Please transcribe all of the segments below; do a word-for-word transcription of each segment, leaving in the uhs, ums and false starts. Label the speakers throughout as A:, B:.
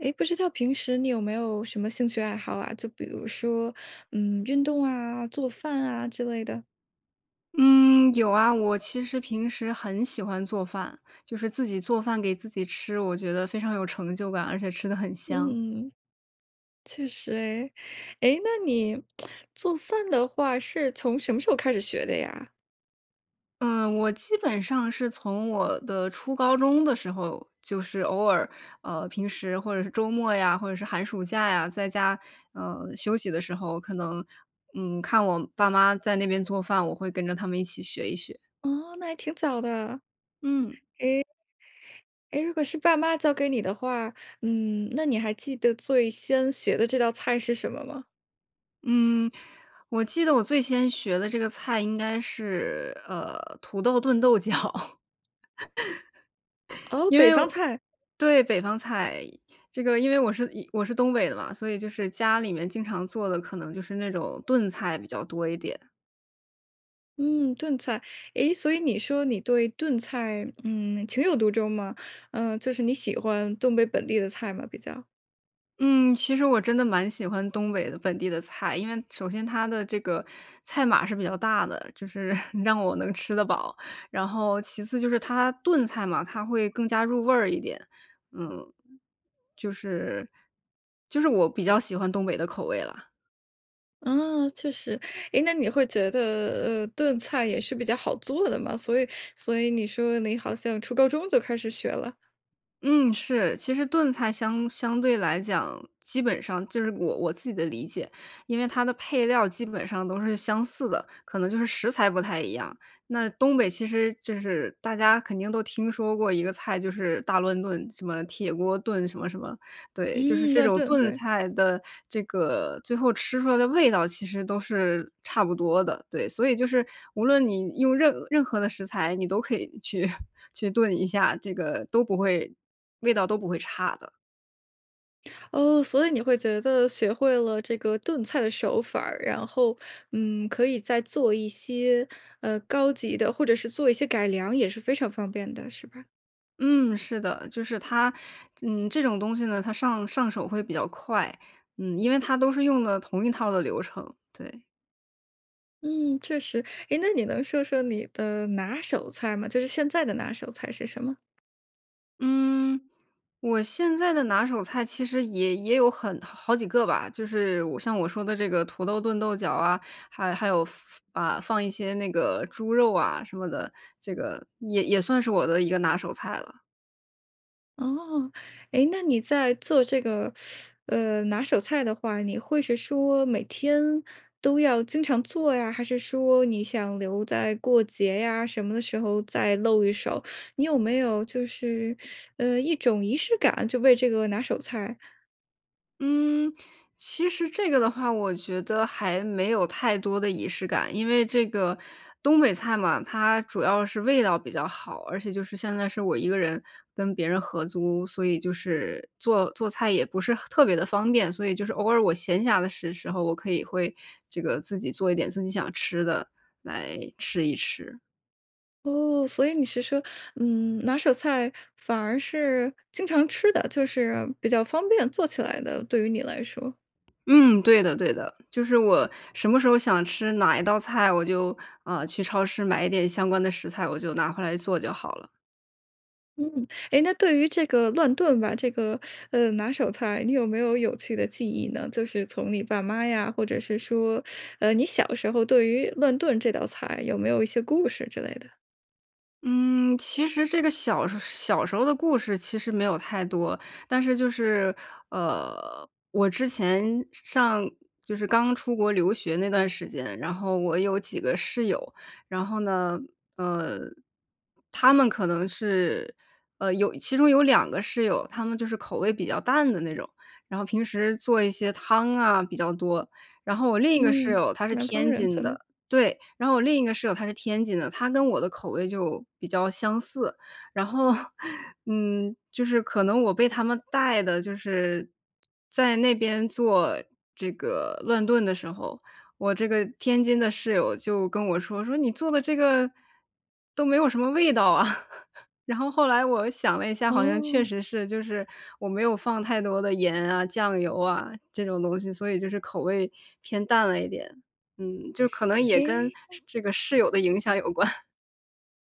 A: 诶，不知道平时你有没有什么兴趣爱好啊，就比如说，嗯，运动啊、做饭啊之类的？
B: 嗯，有啊。我其实平时很喜欢做饭，就是自己做饭给自己吃，我觉得非常有成就感，而且吃得很香。
A: 嗯，确实哎。诶，那你 做饭的话，是从什么时候开始学的呀？
B: 嗯，我基本上是从我的初高中的时候，就是偶尔，呃，平时或者是周末呀，或者是寒暑假呀，在家，嗯，休息的时候，可能，嗯，看我爸妈在那边做饭，我会跟着他们一起学一学。
A: 哦，那还挺早的。
B: 嗯。
A: 诶，诶如果是爸妈教给你的话，嗯，那你还记得最先学的这道菜是什么吗？
B: 嗯，我记得我最先学的这个菜应该是，呃，土豆炖豆角。
A: 哦，
B: 因
A: 北
B: 为，
A: 方菜。
B: 对，北方菜。这个因为我是一我是东北的嘛，所以就是家里面经常做的可能就是那种炖菜比较多一点。
A: 嗯，炖菜，诶，所以你说你对炖菜，嗯，情有独钟嘛，嗯，就是你喜欢东北本地的菜吗？比较。
B: 嗯，其实我真的蛮喜欢东北的本地的菜，因为首先它的这个菜码是比较大的，就是 让我能吃得饱，然后其次就是它炖菜嘛，它会更加入味儿一点。嗯，就是就是我比较喜欢东北的口味啦。
A: 啊，确实。诶，那你会觉得，呃，炖菜也是比较好做的吗？所以所以你说你好像初高中就开始学了？
B: 嗯，是，其实炖菜相相对来讲，基本上就是我我自己的理解，因为它的配料基本上都是相似的，可能就是食材不太一样。那东北其实就是大家肯定都听说过一个菜，就是大乱炖，什么铁锅炖什么什么，对，就是
A: 嗯，
B: 这
A: 乱
B: 种
A: 炖，
B: 炖
A: 对。
B: 菜的这个最后吃出来的味道其实都是差不多的。对，所以就是无论你用任任何的食材，你都可以去 去炖一下，这个都不会味道都不会差的。
A: 哦，所以你会觉得学会了这个炖菜的手法儿，然后，嗯，可以再做一些，呃，高级的或者是做一些改良也是非常方便的，是吧？
B: 嗯，是的，就是它，嗯，这种东西呢，它上上手会比较快，嗯，因为它都是用的同一套的流程，对。
A: 嗯，确实，哎，那你能说说你的拿手菜吗？就是现在的拿手菜是什么？
B: 嗯，我现在的拿手菜其实也也有很好几个吧，就是我像我说的这个土豆炖豆角啊，还还有放啊，放一些那个猪肉啊什么的，这个也也算是我的一个拿手菜了。
A: 哦，哎，那你在做这个，呃，拿手菜的话，你会是说每天都要经常做呀？还是说你想留在过节呀什么的时候再露一手？你有没有就是 呃，一种仪式感，就为这个拿手菜？
B: 嗯，其实这个的话，我觉得还没有太多的仪式感。因为这个，东北菜嘛，它主要是味道比较好，而且就是现在是我一个人跟别人合租，所以就是，做做菜也不是很特别地方便。所以就是偶尔我闲暇的时时候，我可以会，这个自己做一点自己想吃的，来吃一吃。
A: 哦，所以你是说，嗯，拿手菜反而是经常吃的，就是比较方便做起来的，对于你来说。
B: 嗯，对的对的，就是我什么时候想吃哪一道菜，我就，呃，去超市买一点相关的食材，我就拿回来做就好了。
A: 嗯，诶，那对于这个乱炖吧，这个，呃，拿手菜，你有没有有趣的记忆呢？就是从你爸妈呀，或者是说，呃，你小时候对于乱炖这道菜有没有一些故事之类的？
B: 嗯，其实这个小时小时候的故事其实没有太多。但是就是，呃，我之前上就是刚出国留学那段时间，然后我有几个室友。然后呢，呃，她们可能是，呃，有其中有两个室友，她们就是口味比较淡的那种，然后平时做一些汤啊比较多，然后我另一个室
A: 嗯，
B: 友，她是
A: 南方
B: 天
A: 人
B: 津
A: 可能。
B: 的，对，然后我另一个室友，她是天津的，她跟我的口味就比较相似。然后，嗯，就是可能我被她们带的就是，在那边做这个乱炖的时候，我这个天津的室友就跟我说，说你做的这个，都没有什么味道啊，然后后来我想了一下，好像确
A: 哦。
B: 实是，就是我没有放太多的盐啊、酱油啊，这种东西，所以就是口味偏淡了一点。嗯，就可能也跟
A: 诶。
B: 这个室友的影响有关。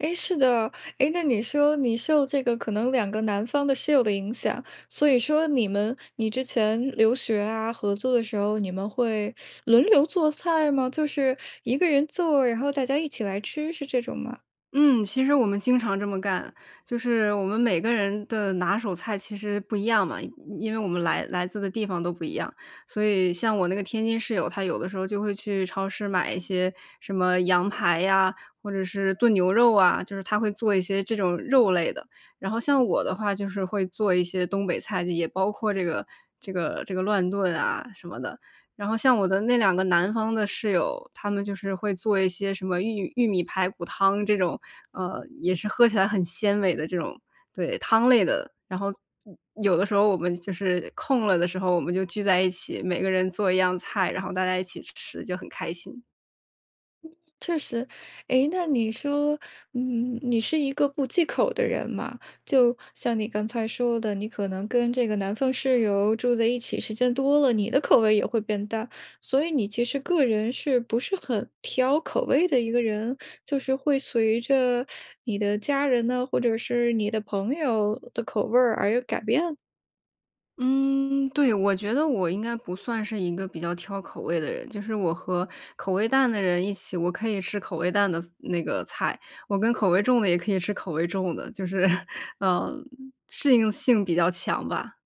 A: 哎，是的。诶，那你说你受这个可能两个南方的室友的影响，所以说你们你之前留学啊、合租的时候，你们会 轮流做菜吗？就是一个人做，然后大家一起来吃，是这种吗？
B: 嗯，其实我们经常这么干。就是我们每个人的拿手菜其实不一样嘛，因因为我们来来自的地方都不一样。所以像我那个天津室友，他有的时候就会去超市买一些什么羊排呀，或者是炖牛肉啊，就是他会做一些这种肉类的。然后像我的话，就是会做一些东北菜，就也包括这个，这个，这个乱炖啊什么的。然后像我的那两个南方的室友，他们就是会做一些什么玉玉米排骨汤这种，呃，也是喝起来很鲜美的这种，对，汤类的。然后有有的时候我们就是空了的时候，我们就聚在一起，每个人做一样菜，然后大家一起吃，就很开心。
A: 确实。诶，那你说，嗯，你是一个不忌口的人嘛，就像你刚才说的，你可能跟这个南方室友住在一起时间多了，你的口味也会变淡，所以你其实个人是不是很挑口味的一个人？就是会随着你的家人呢，或者是你的朋友的口味儿而有改变？
B: 嗯，对。我觉得我应该不算是一个比较挑口味的人。就是我和口味淡的人一起，我可以吃口味淡的菜那个菜，我跟口味重的也可以吃口味重的，就是 呃，适应性比较强吧。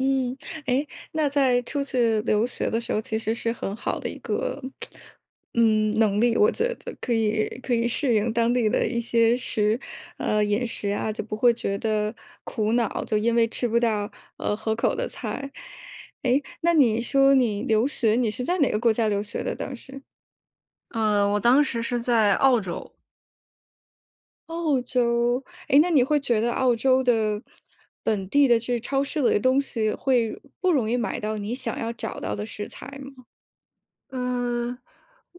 A: 嗯，诶，那在出去留学的时候，其实是很好的一个 嗯，能力，我觉得可以可以适应当地的一些食呃，饮食啊，就不会觉得苦恼，就因为吃不到，呃，合口的菜。诶，那你说你留学，你是在哪个国家留学的当时？
B: 呃，我当时是在澳洲。
A: 澳洲。诶，那你会觉得澳洲的本地的这超市里的东西，会不容易买到你想要找到的食材吗？
B: 嗯，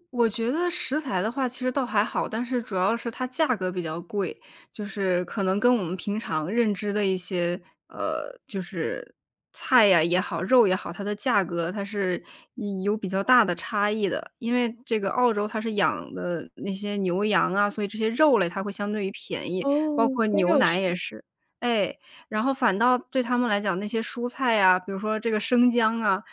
B: 我觉得食材的话其实倒还好，但是主要是它价格比较贵。就是可能跟我们平常认知的一些，呃，就是菜呀也好肉也好，它的价格它是有比较大的差异的。因为这个澳洲它是养的那些牛羊啊，所以这些肉类它会相对于便宜，
A: 哦，
B: 包括
A: 光
B: 牛
A: 肉
B: 奶
A: 食。
B: 也是。哎，然后反倒对他们来讲，那些蔬菜啊，比如说这个生姜啊，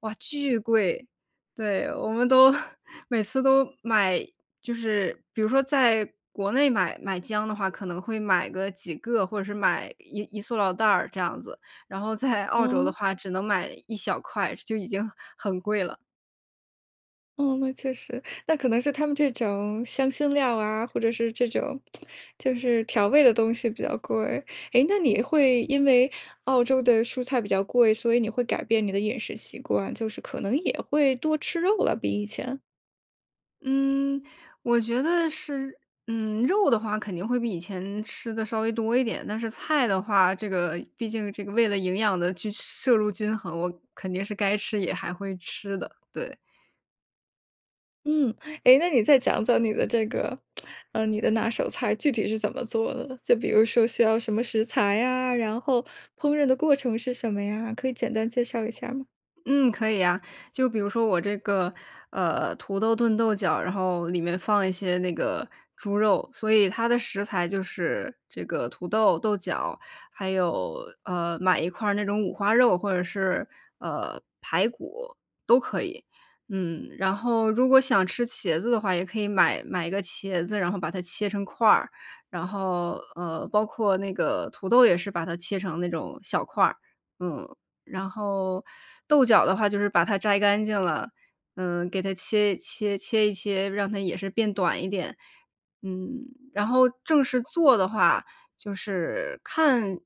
B: 哇，巨贵。对，我们都 每次都买，就是比如说在国内买买姜的话，可能会买个几个或者是买一一塑料袋儿这样子，然后在澳洲的
A: 嗯。
B: 话只能买一小块，就已经很贵了。
A: 嗯，那确实，那可能是他们这种香辛料啊，或者是这种 就是调味的东西比较贵。诶，那你会因为澳洲的蔬菜比较贵，所以你会改变你的饮食习惯，就是可能也会多吃肉了，比以前？
B: 嗯，我觉得是，嗯，肉的话肯定会比以前吃得稍微多一点，但是菜的话，这个毕竟这个为了营养的均摄入均衡，我肯定是该吃也还会吃的，对。
A: 嗯，诶，那你再讲讲你的这个，呃，你的拿手菜，具体是怎么做的？就比如说需要什么食材呀，然后烹饪的过程是什么呀，可以简单介绍一下儿吗？
B: 嗯，可以呀。就比如说我这个，呃，土豆炖豆角，然后里面放一些那个猪肉，所以它的食材就是这个土豆、豆角，还有，呃，买一块儿那种五花肉，或者是，呃，排骨都可以，嗯。然后，如果想吃茄子的话，也可以买买个茄子，然后把它切成块儿。然后，呃，包括那个土豆也是把它切成那种小块儿，嗯。然后豆角的话就是把它摘干净了，嗯，给它切一切切一切，让它也是变短一点，嗯。然后正式做的话就是看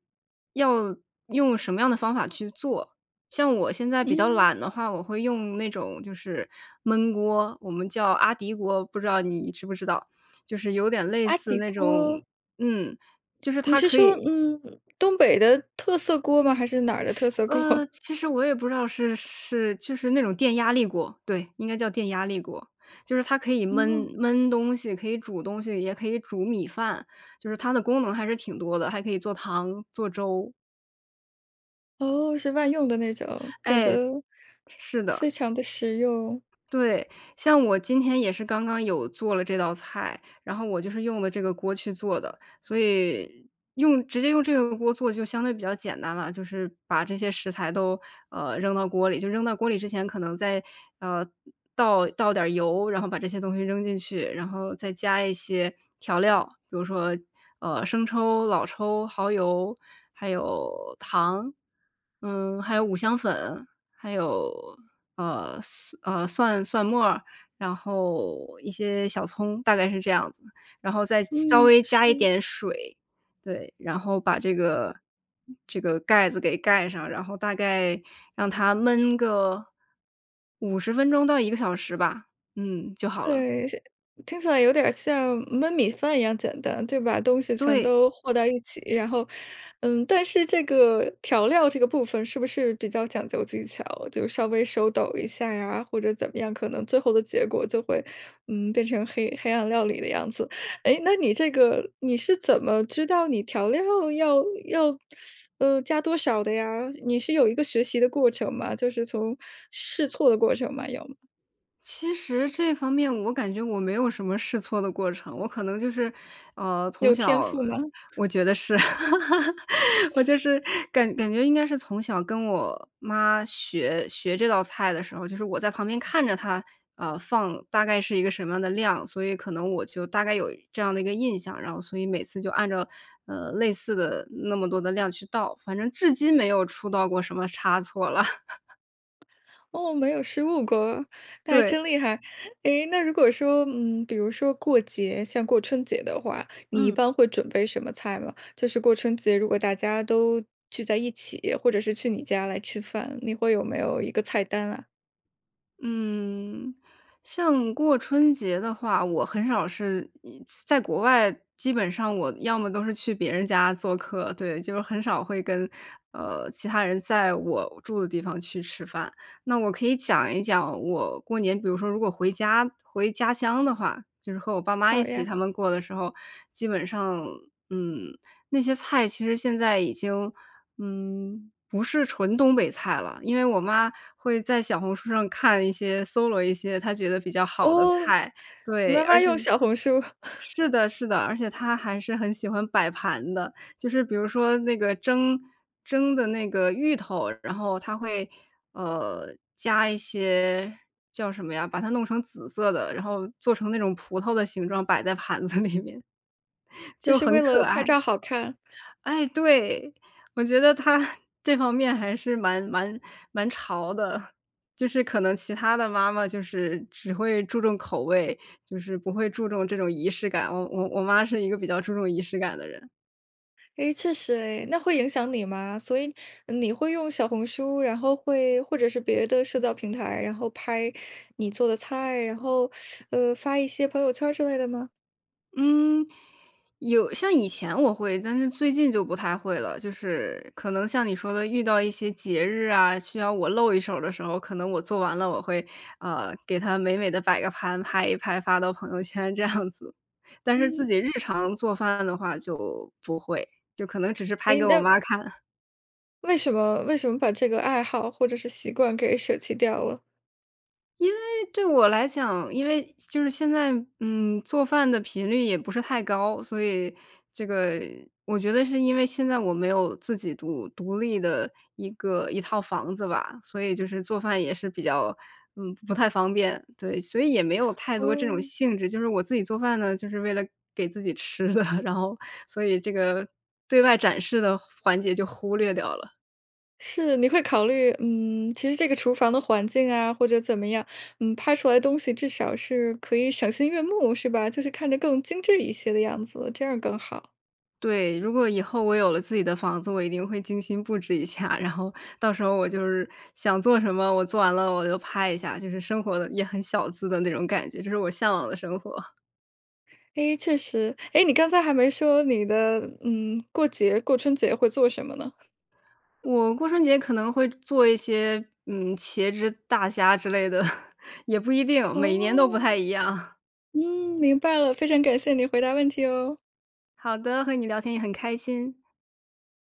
B: 要用什么样的方法去做，像我现在比较
A: 嗯。
B: 懒的话，我会用那种就是焖锅，我们叫阿迪锅，不知道你知不知道，就是有点类
A: 阿
B: 似
A: 迪
B: 那种，
A: 锅。
B: 嗯，就是
A: 你
B: 它
A: 是
B: 可
A: 说，
B: 以
A: 嗯，东北的特色锅吗？还是哪儿的特 色
B: 呃，
A: 锅？
B: 其实我也不知道是是就是那种电压力锅，对，应该叫电压力锅，就是它可以焖
A: 哦。
B: 焖东西，可以煮东西，也可以煮米饭，就是它的功能还是挺多的，还可以做汤、做粥。
A: 哦，是万用的那种，感觉
B: 哎。是的。
A: 非常地实用。
B: 对，像我今天也是刚刚有做了这道菜，然后我就是用了这个锅去做的。所以，用直接用这个锅做就相对比较简单啦，就是，把这些食材都，呃，扔到锅里，就扔到锅里之前可能再，呃，倒倒点儿油，然后把这些东西扔进去。然后再加一些调料，比如说，呃，生抽、老抽、耗油，还有，糖，嗯，还有五香粉，还有，呃蒜，呃，蒜蒜末儿，然后，一些小葱，大概是这样子，然后再稍
A: 嗯，
B: 微加一
A: 是。
B: 点水。对，然后把这个这个盖子给盖上，然后大概让它焖个，五十分钟到一个小时吧，嗯，就好了。
A: 对，像听起来有点儿像焖米饭一样简单，就把东西全
B: 对。
A: 都和在一起，然后，嗯，但是这个调料这个部分是不是比较讲究技巧，就稍微手抖一下呀，或者怎么样，可能最后的结果就会，嗯，变成黑黑暗料理的样子。诶，那你这个你是怎么知道你调料要要，呃，加多少的呀？你是有一个学习的过程吗？就是从试错的过程吗，有吗？
B: 其实这方面我感觉我没有什么试错的过程，我可能就是，呃，从
A: 有天
B: 小
A: 赋吗？
B: 我觉得是。我就 是感感觉应该是从小跟我妈学学这道菜的时候，就是我在旁边看着她，啊，放大概是一个什么样的量，所以可能我就大概有这样的一个印象。然后所以每次就按照，呃，类似的那么多的量去倒，反正至今没有出到过什么差错啦。
A: 哦，没有失误过，那还
B: 对。
A: 真厉害。诶，那如果说，嗯，比如说过节，像过春节的话，你一
B: 嗯。
A: 般会准备什么菜吗？就是过春节，如果大家都，聚在一起，或者是去你家来吃饭，你会有没有一个菜单啊？
B: 嗯。像过春节的话，我很少是嗯，在国外，基本上我要么都是去别人家做客。对，就是很少会跟，呃，其他人在我住的地方去吃饭。那我可以讲一讲我过年，比如说如果回家回家乡的话，就是和我爸妈一
A: 好
B: 起
A: 呀。
B: 他们过的时候，基本上，嗯，那些菜其实现在已经，嗯，不是纯东北菜了。因为我妈会在小红书上看一些，搜罗一些她觉得比较好的
A: 哦，
B: 菜。
A: 你
B: 对，
A: 妈
B: 而
A: 妈
B: 且
A: 用小红书。
B: 是的，是的，而且她还是很喜欢摆盘的。就是比如说那个蒸蒸的那个芋头，然后她会，呃，加一些叫什么呀，把它弄成紫色的，然后做成那种葡萄的形状，摆在盘子里面。
A: 就
B: 就
A: 是
B: 很
A: 为
B: 可
A: 了拍
B: 爱，
A: 照好看。
B: 哎，对，我觉得她，这方面还是蛮蛮蛮潮的。就是可能其他的妈妈就是只会注重口味，就是不会注重这种仪式感，我我我妈是一个比较注重仪式感的人。
A: 诶确实诶，那会影响你吗？所以呃你会用小红书，然后会或者是别的社交平台，然后拍你做的菜，然后 呃，发一些朋友圈儿之类的吗？
B: 嗯，有像以前我会，但是最近就不太会了。就是可能像你说的遇到一些节日啊，需要我露一手儿的时候，可能我做完了，我会，呃，给它美美地摆个盘，拍一拍发到朋友圈这样子。但是自
A: 嗯。
B: 己日常做饭的话就不会，就可能只是拍
A: 诶
B: 给我
A: 那
B: 妈看。
A: 为什么？为什么把这个爱好或者是习惯给舍弃掉了？
B: 因为对我来讲因为就是现在，嗯，做饭的频率也不是太高，所以这个我觉得是因为现在我没有自己独独立的一个一套房子吧。所以就是做饭也是比较，嗯，不太方便，对，所以也没有太多这种
A: 哦。
B: 兴致。就是我自己做饭呢，就是为了给自己吃的，然后所以这个对外展示的环节就忽略掉了。
A: 是，你会考虑，嗯，其实这个厨房的环境啊或者怎么样，嗯，拍出来东西至少是可以赏心悦目是吧？就是看着更精致一些的样子，这样儿更好。
B: 对。如果以后我有了自己的房子，我一定会精心布置一下，然后到时候我就是想做什么我做完了我就拍一下，就是生活得也很小资的那种感觉，这是我向往的生活。
A: 诶确实。诶你刚才还没说你的嗯，过节过春节会做什么呢？
B: 我过春节可能会做一些嗯茄汁大虾之类的，也不一定，每年都不太
A: 哦，
B: 一样。
A: 嗯，明白了。非常感谢你回答问题哦。
B: 好的，和你聊天也很开心。